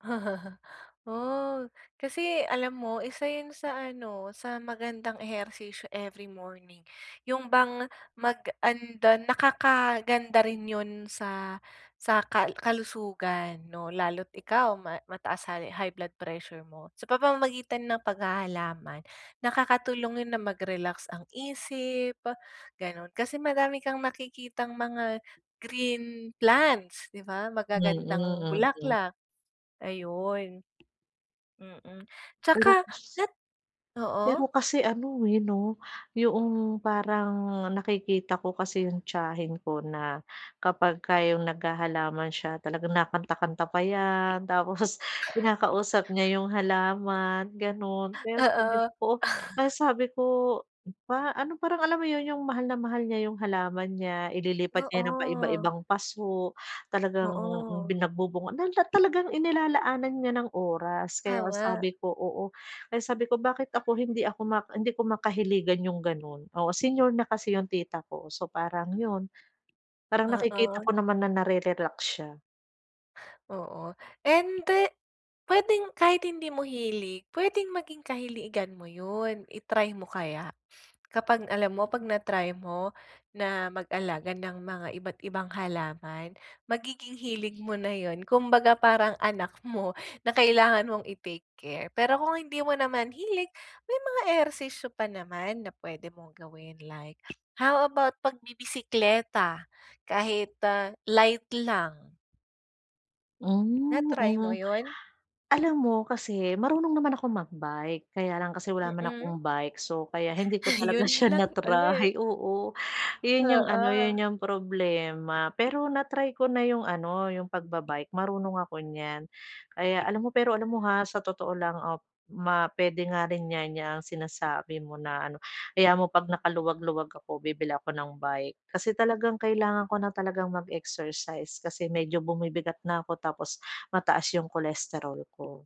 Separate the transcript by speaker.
Speaker 1: Oh, kasi alam mo, isa yun sa ano, sa magandang ehersisyo every morning. Yung bang mag an dan nakakaganda rin yun sa, sa kal kalusugan 'no, lalo't ikaw ma mataas hal high blood pressure mo. Sa pamamagitan ng paghahalaman, nakakatulong yun na mag-relax ang isip, gano'n. Kasi madami kang nakikitang mga green plants, 'di ba?
Speaker 2: Mm,
Speaker 1: Magagandang
Speaker 2: mm.
Speaker 1: bulaklak, ayun. Mm,
Speaker 2: Pero
Speaker 1: 'tsaka
Speaker 2: pus
Speaker 1: nat oo?
Speaker 2: Pero kasi ano, eh, 'no, yung parang nakikita ko kasi yung tiyahin ko na kapagka iyong naghahalaman siya, talagang nakanta-kanta pa 'yan. Tapos kinakausap niya yung halaman, gano'n. Kaya
Speaker 1: Oo.
Speaker 2: sabi ko, kaya sabi ko pa ano, parang alam mo yun, yung mahal na mahal niya yung halaman niya. Ililipat niya 'yan ng
Speaker 1: Oo.
Speaker 2: paiba-ibang paso. Talagang bi
Speaker 1: Oo.
Speaker 2: nagbubunga dahil ta talagang inilalaanan niya ng oras. Kaya
Speaker 1: Tama.
Speaker 2: sabi ko oo, kaya sabi ko, bakit ako hindi ako mak hindi ko makahiligan yung gano'n. Oo, senior na kasi yung tita ko, so parang yun, parang nakikita
Speaker 1: Oo.
Speaker 2: ko naman na nare-relax siya.
Speaker 1: Oo, ende p'wedeng kahit hindi mo hilig, p'wedeng maging kahiligan mo yun. I-try mo kaya. Kapag alam mo 'pag na-try mo, na mag-alaga ng mga iba't ibang halaman, magiging hilig mo na yun, kumbaga parang anak mo na kailangan mong i-take care. Pero kung hindi mo naman hilig, may mga ehersisyo pa naman na p'wede mong gawin like, how about pagbibisekleta? Kahit ah, light lang.
Speaker 2: Mm,
Speaker 1: Na-try mo
Speaker 2: mm.
Speaker 1: yun?
Speaker 2: Alam mo kasi, marunong naman akong mag-bike kaya lang kasi wala naman akong
Speaker 1: Mm.
Speaker 2: bike. So, kaya hindi ko talaga
Speaker 1: Yun
Speaker 2: siya
Speaker 1: lang ulit.
Speaker 2: na-try. Oo, yun yung ano, yun
Speaker 1: Oo.
Speaker 2: yung problema. Pero na-try ko na yung ano, yung pagba-bike, marunong ako niyan. Kaya alam mo, pero alam mo, ha, sa totoo lang op ma p'wede nga rin 'yan, 'yang sinasabi mo na ano. Hayaan mo, 'pag nakaluwag-luwag ako bibili ako ng bike. Kasi talagang kailangan ko na talagang mag-exercise kasi medyo bumibigat na ako tapos mataas yung cholesterol ko.